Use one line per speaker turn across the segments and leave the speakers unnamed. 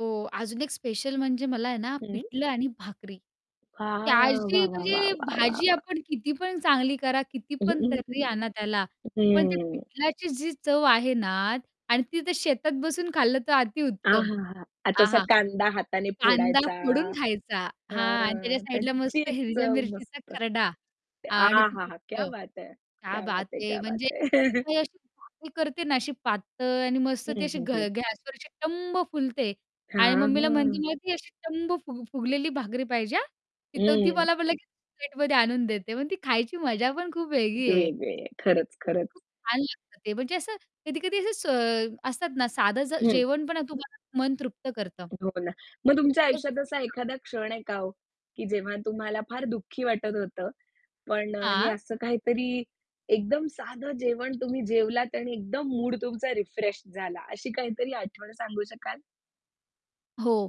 हो, अजून एक स्पेशल म्हणजे मला आहे ना,
हं.
पिठलं आणि भाकरी. ते
वाह!
अशी
वाह! वाह! वाह!
म्हणजे
वाह! वाह!
भाजी
वाह!
आपण किती पण चांगली करा किती
हं.
पण
हं.
तर्री आणा त्याला,
हं.
पण ते
हम्म.
पिठल्याची जी चव आहे ना आणि ती ते शेतात बसून खाल्लं तर अति उत्तम.
आहाहा! आता असा
आहाहा!
कांदा हाताने
कांदा
फोडायचा.
फोडून खायचा, हां आणि त्याच्या
हां,
साईडला
त्याची
मस्त हिरव्या
चव
मिरचीचा
मस्त.
खर्डा आणि ते
आहाहा! क्या
पिठलं.
बात है!
क्या
क्या बात
बात
है!
है.
क्या
म्हणजे
बात है!
[unintelligible] अशी करते ना अशी पातळ आणि मस्त ती
हं,
अशी
हं,
घ
हं.
गॅसवर अशी टम्म फुलते आणि
हां,
मम्मीला म्हणते
हां.
ना ती अशी टम्म फु फुगलेली भाकरी पाहिजे हां! तर ती
हं.
मला मग लगेच प्लेटमध्ये आणून देते. मग ती खायची मजा पण खूप वेगळी आहे.
वेगळी आहे. खरंच, खरंच.
खूप छान लागतं ते, म्हणजे असं कधी-कधी असं स असतात ना साधं जे
हं.
जेवण पण तुम्हाला मन तृप्त करतं.
हो ना. मग तुमच्या
तोच
आयुष्यात असा
हां.
एखादा क्षण आहे का हो? की जेव्हा तुम्हाला फार दुःखी वाटत होतं. पण अ, हे
हां.
असं काहीतरी एकदम साधं जेवण तुम्ही जेवलात आणि एकदम मूड तुमचा रिफ्रेश झाला, अशी काहीतरी आठवण सांगू शकाल?
हो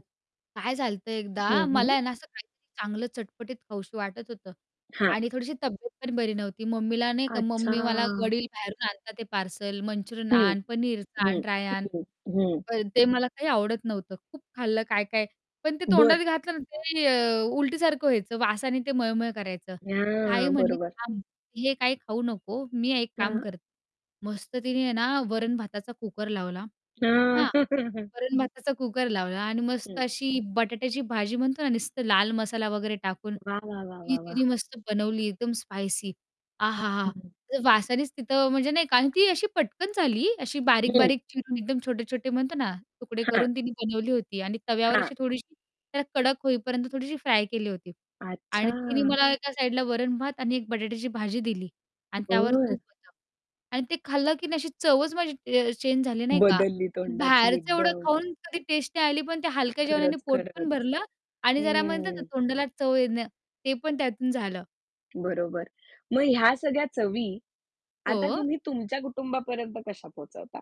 काय झालं होतं एकदा,
हं, हं.
मला आहे ना असं काहीतरी चांगलं चटपटीत खावंसं वाटत होतं
हां.
आणि थोडीशी तब्येत पण बरी नव्हती. मम्मीला नाही का मम्मी मला
अच्छा.
वडील बाहेरून आणतात ते पार्सल. मंचुरियन
हं.
आण, पनीर
हं.
आण, ड्राय आण
हं. हं.
पण ते मला काही आवडत नव्हतं. खूप खाल्लं काय-काय, पण ते
बरं.
तोंडात घातलं ना ते अ, उलटीसारखं व्हायचं. वासाने ते मळमळ करायचं. ताई
हां,
म्हणाली,
बरोबर.
"थांब हे काही खाऊ नको, मी एक काम
हां.
कर" मस्त तिने आहे ना, वरण-भाताचा कुकर लावला,
हां.
हां? वरण-भाताचा कुकर लावला आणि मस्त
हं.
अशी बटाट्याची भाजी म्हणतो ना नुसतं लाल मसाला वगैरे टाकून,
वाह! वाह! वाह!
ती
वाह! वाह!
तिने मस्त बनवली, एकदम स्पायसी.
हं,
आहाहा!
हं.
ते वासानेच तिथं म्हणजे नाही का आणि ती अशी पटकन झाली, अशी
हं.
बारीक-बारीक चिरून, एकदम छोटे-मोठे म्हणतो ना तुकडे
हां.
करून तिने बनवली होती आणि तव्यावर
हां.
अशी थोडीशी त्याला कडक होईपर्यंत थोडीशी फ्राय केली होती आणि तिने
अच्छा!
मला एका साईडला वरण-भात आणि एक बटाट्याची भाजी दिली आणि त्यावर
बरं.
तूप होतं. आणि ते खाल्लं की नाही अशी चवच माझी च अ, चेंज झाली, नाही का.
बदलली तोंडाची
बाहेरचं एवढं
एकदम.
खाऊन कधी टेस्टी आली, पण ते हलक्या जेवणाने
खरंच,
पोट पण
खरंच.
भरलं आणि जरा म्हणतात ना
हं.
तोंडाला चव येणं, ते पण त्यातून झालं.
बरोबर. मग ह्या सगळ्या चवी, आता
हो.
तुम्ही तुमच्या कुटुंबापर्यंत कशा पोहचवता?